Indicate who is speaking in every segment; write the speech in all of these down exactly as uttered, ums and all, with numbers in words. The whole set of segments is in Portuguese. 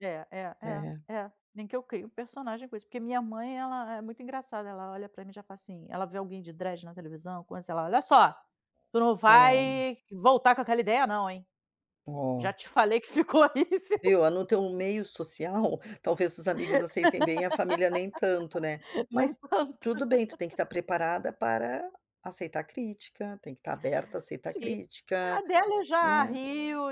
Speaker 1: É, é, é,
Speaker 2: É.
Speaker 1: é, nem que eu crie um personagem com isso, porque minha mãe, ela é muito engraçada, ela olha pra mim e já fala assim ela vê alguém de dread na televisão co sei lá: "Olha só, tu não
Speaker 2: Ah lá, ó.
Speaker 1: vai voltar com aquela ideia não, hein. Já
Speaker 2: Oh.
Speaker 1: te falei que ficou horrível".
Speaker 2: Viu, ah, no teu meio social, talvez os amigos aceitem bem, a família nem tanto, né.
Speaker 1: Nem
Speaker 2: Mas
Speaker 1: tanto.
Speaker 2: tudo bem, tu tem que estar preparada para aceitar crítica, tem que estar aberta a aceitar
Speaker 1: Sim. Ah,
Speaker 2: crítica,
Speaker 1: dela eu já
Speaker 2: né.
Speaker 1: rio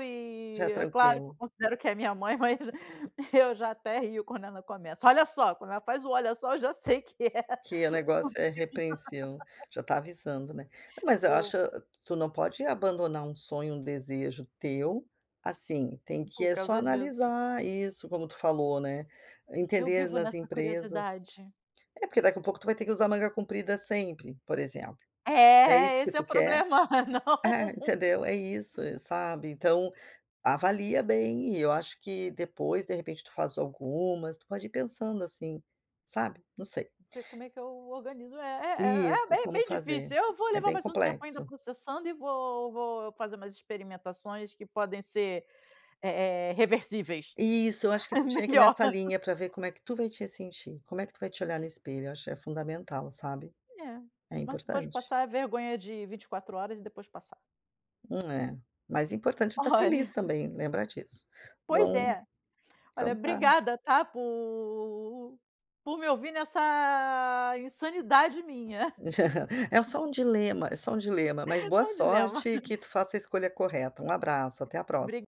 Speaker 2: Já é
Speaker 1: e é claro que eu
Speaker 2: tranquilo.
Speaker 1: considero que é minha mãe, mas eu já até rio quando ela começa: "Olha só", quando ela faz o "olha só" eu já sei que é
Speaker 2: Que é o
Speaker 1: comigo.
Speaker 2: negócio é repreencião. Já está avisando, né. Não, mas eu
Speaker 1: O
Speaker 2: acho tu não pode abandonar um sonho, um desejo teu, assim. Tem que
Speaker 1: Por
Speaker 2: é só
Speaker 1: causa disso.
Speaker 2: analisar isso, como tu falou, né.
Speaker 1: Eu
Speaker 2: Entender
Speaker 1: vivo
Speaker 2: nas
Speaker 1: nessa
Speaker 2: empresas.
Speaker 1: curiosidade.
Speaker 2: É, porque daqui a pouco tu vai ter que usar manga comprida sempre, por exemplo. É isso
Speaker 1: É,
Speaker 2: que
Speaker 1: esse é o
Speaker 2: tu quer?
Speaker 1: problema, é não
Speaker 2: Ah, entendeu, é isso, e sabe, então avalia bem, e eu acho que depois, de repente, tu faz algumas. Tu pode ir pensando assim, sabe, não sei.
Speaker 1: P como é que eu organizo? É é é é b
Speaker 2: Isso,
Speaker 1: é
Speaker 2: como
Speaker 1: bem
Speaker 2: fazer.
Speaker 1: difícil, eu vou
Speaker 2: É
Speaker 1: levar
Speaker 2: bem
Speaker 1: mais um tempo ainda
Speaker 2: complexo.
Speaker 1: processando e vou vou fazer umas experimentações que podem ser, eh eh, reversíveis.
Speaker 2: Isso, eu acho que
Speaker 1: É
Speaker 2: tu tinha que ir
Speaker 1: melhor.
Speaker 2: nessa linha para ver como é que tu vai te sentir. Como é que tu vai te olhar no espelho? Eu acho é fundamental, sabe.
Speaker 1: É,
Speaker 2: É
Speaker 1: mas você pode
Speaker 2: importante.
Speaker 1: passar vergonha de vinte e quatro horas e depois passar.
Speaker 2: É.
Speaker 1: Hum.
Speaker 2: Mas importante é estar
Speaker 1: Olha.
Speaker 2: feliz também, lembra disso.
Speaker 1: Pois
Speaker 2: Bom,
Speaker 1: é. Olha,
Speaker 2: então tá.
Speaker 1: obrigada, tá, por por me ouvir nessa insanidade minha.
Speaker 2: É só um dilema, é só um dilema. Mas boa
Speaker 1: Só um dilema.
Speaker 2: sorte e que tu faça a escolha correta. Um abraço, até a próxima.
Speaker 1: Bri